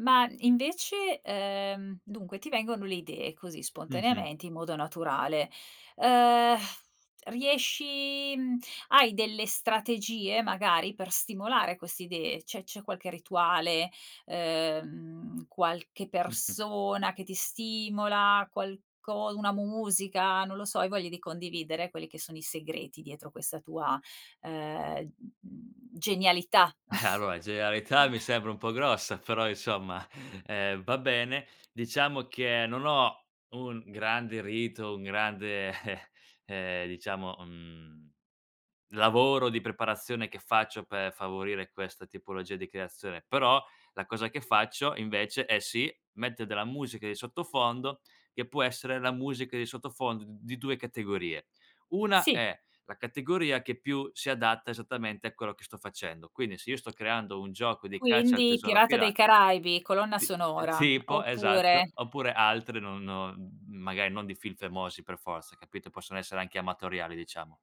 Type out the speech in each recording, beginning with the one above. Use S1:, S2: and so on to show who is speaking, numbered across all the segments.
S1: Ma invece, ehm, dunque ti vengono le idee così
S2: Mh-mh.
S1: spontaneamente in modo naturale, uhm, riesci mhmm, hai delle strategie, magari, per stimolare queste idee? Cioè, c'è qualche rituale, ehm, qualche
S2: Mh-mh.
S1: persona che ti stimola, qualco una musica, non lo so, hai voglia di condividere, quelli che sono i segreti dietro questa tua, ehm, mhmm, genialità?
S2: Allora, in genialità mi sembra un po' grossa, però insomma, eh, va bene. Diciamo che, non ho un grande rito, un grande, eh, ehm, diciamo, mhmm, lavoro di preparazione che faccio per favorire questa tipologia di creazione. Però, la cosa che faccio, invece, è sì, metter della musica di sottofondo, che può essere la musica di sottofondo d di 2 categorie. Una
S1: Sì.
S2: è la categoria che più si adatta esattamente a quello che sto facendo, quindi, se io sto creando un gioco di caccia al
S1: Quindi,
S2: tesoro a
S1: pirata dei
S2: pira
S1: caraibi colonna
S2: Sì, ehm,
S1: sonora,
S2: tipo
S1: oppure
S2: esatto, oppure altre non non mhmm, magari non di film famosi per forza, capito? Possono essere anche amatoriali, diciamo.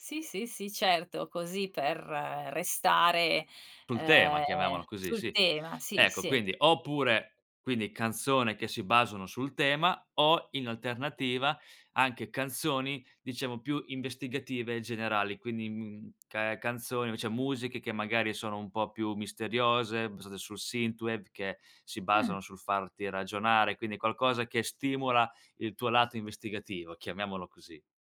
S1: Sì, sì, sì, certo, così per restare,
S2: Sul tema,
S1: ehm,
S2: chiamiamolo così,
S1: sul
S2: sì.
S1: tema, sì,
S2: Ecco,
S1: sì.
S2: quindi oppure, quindi canzone che si basano sul tema, o in alternativa, anche canzoni, diciamo, più investigative generali, quindi, mhmm ca canzoni cioè musiche, che magari sono un po' più misteriose, basate sul [unintelligible] che si
S1: Mh.
S2: basano sul farti ragionare, quindi qualcosa che stimola il tuo lato investigativo, chiamiamolo così.